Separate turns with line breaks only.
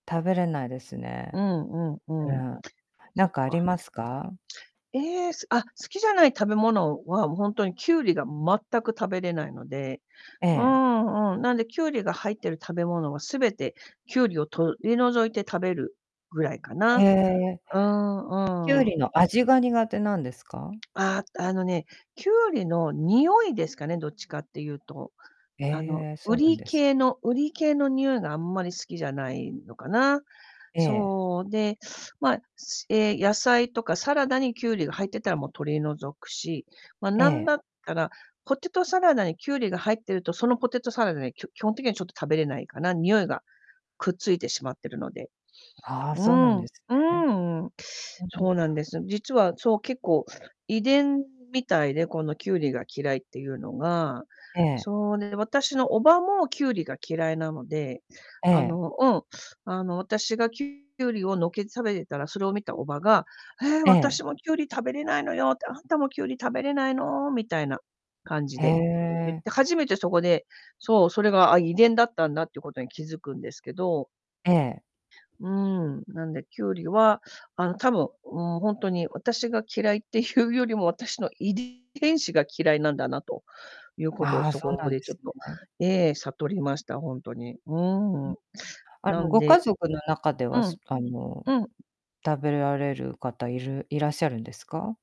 食べれないです
う
ね。
んう
う
んうん、
ん。
そ
何
っ
かあり
か。
ますか？
ええ、すあ、好きじゃない食べ物は、ほんとにきゅうりが全く食べれないので、
え
うー
え。
ん、うーん、なんで、きゅうりが入ってる食べ物は、全てきゅうりを取り除いて食べるぐらいか
へ
な。
え。
うー
きゅ
ん、
う
うーん。
りの味が苦手なんですか？
ああ、あのね、きゅうりの匂いですかね、どっちかって言うと。あの、
え、そうなん
瓜
です。
系の瓜系の匂いがあんまり好きじゃないのかな。
ええ。
そう。で、ま、すええ、野菜とかサラダにきゅうりが入ってたら、も、取り除くし、ま、
え
何
え。
だったらポテトサラダにきゅうりが入ってると、そのポテトサラダにきょ基本的にはちょっと食べれないかな、匂いがくっついてしまってるので。
ああ、
う
そうな
ー
ん
ん。
で
う
す
ー
ね。
ん、うん。
ううん。
そうなんです。実は、そう、結構、遺伝みたいで、このきゅうりが嫌いっていうのが。
ええ。
そうね、私のおばもきゅうりが嫌いなので、
え
あ
え。
のうん、あの、私がきゅうりをのけて食べてたら、それを見たおばが「え、
ええ。
私もきゅうり食べれないのよ」って「あんたもきゅうり食べれないの？」みたいな感じ
へ
で言っ
え。
て、初めてそこで、そう、それが、あ、遺伝だったんだってことに気づくんですけど。
ええ。
うーん。なんで、きゅうりは、あの、多分、うーん、ほんとに私が嫌いっていうよりも、私の遺伝遺伝子が嫌いなんだなということを、
ああ、
そ
そうな
こ
んで
でちょ
す
っと、
ね。
ええ、悟りました、ほんとに。う
う
ー
ん。
ん。
あ
な
の、
ん
ご家
で
族の中で
う
は、
ん。
すあの、う
うん。
食べられる方いるいらっしゃるんですか？